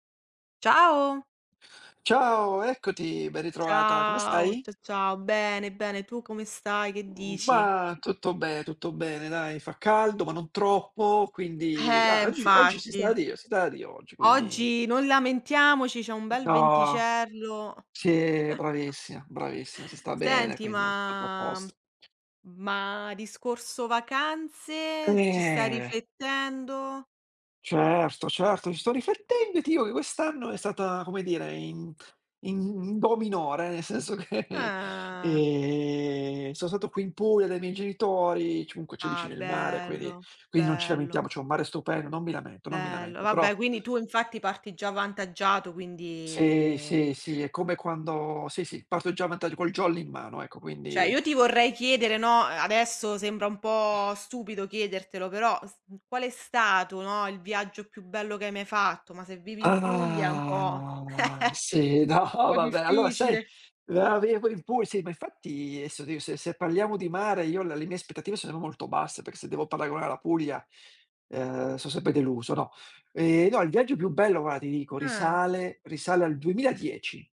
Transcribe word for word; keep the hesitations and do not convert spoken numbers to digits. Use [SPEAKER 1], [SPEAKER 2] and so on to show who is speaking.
[SPEAKER 1] Ciao.
[SPEAKER 2] Ciao, eccoti. Ben ritrovata, come
[SPEAKER 1] Ciao,
[SPEAKER 2] stai?
[SPEAKER 1] cia ciao. Bene, bene, tu come stai? Che
[SPEAKER 2] Mhmm,
[SPEAKER 1] dici?
[SPEAKER 2] ma tutto be tutto bene dai. Fa caldo, ma non troppo, quindi
[SPEAKER 1] Eh,
[SPEAKER 2] ah, oggi oggi si sta
[SPEAKER 1] infatti.
[SPEAKER 2] da Dio si sta da Dio oggi, quindi
[SPEAKER 1] Oggi non lamentiamoci, c'è un
[SPEAKER 2] Mh,
[SPEAKER 1] bel
[SPEAKER 2] no.
[SPEAKER 1] venticello.
[SPEAKER 2] Sì, bravissima, bravissima. Si sta bene,
[SPEAKER 1] Senti,
[SPEAKER 2] quindi [unintelligible] a
[SPEAKER 1] ma
[SPEAKER 2] posto.
[SPEAKER 1] ma discorso vacanze ci stai
[SPEAKER 2] Eh.
[SPEAKER 1] riflettendo?
[SPEAKER 2] Certo, certo. Ci sto riflettendo e ti dico che quest'anno è stata, come dire, in in do minore, nel senso che,
[SPEAKER 1] Ah.
[SPEAKER 2] ehm, so' stato qui in Puglia dai miei genitori, ci comunque c'è
[SPEAKER 1] Ah,
[SPEAKER 2] vicino il mare quindi
[SPEAKER 1] bello,
[SPEAKER 2] quindi non ci
[SPEAKER 1] bello.
[SPEAKER 2] lamentiamo, c'è un mare stupendo, non mi lamento non mi
[SPEAKER 1] Bello.
[SPEAKER 2] lamento, però
[SPEAKER 1] Vabbè, quindi tu infatti parti già avvantaggiato,
[SPEAKER 2] Sì,
[SPEAKER 1] quindi
[SPEAKER 2] sì, sì, è come quando sì, sì, parto già avanta col jolly in mano, ecco,
[SPEAKER 1] ceh,
[SPEAKER 2] quindi
[SPEAKER 1] io ti vorrei chiedere, no, adesso sembra un po' stupido chiedertelo, però s n qual è stato, no, il viaggio più bello che hai mai fatto? Ma se vivi in Puglia è un po'
[SPEAKER 2] Ah, sì, no,
[SPEAKER 1] po'
[SPEAKER 2] vabbè. Allora sai
[SPEAKER 1] difficile.
[SPEAKER 2] meravigl poi n Pug sì, ma infatti, adesso [unintelligible] se se parliamo di mare io le le mie aspettative sono molto basse per se devo paragonare la Puglia, uhm, so' sempre deluso, no. Ehm, no, il viaggio più bello guara ti dico,
[SPEAKER 1] Ah.
[SPEAKER 2] risale risale al duemila dieci.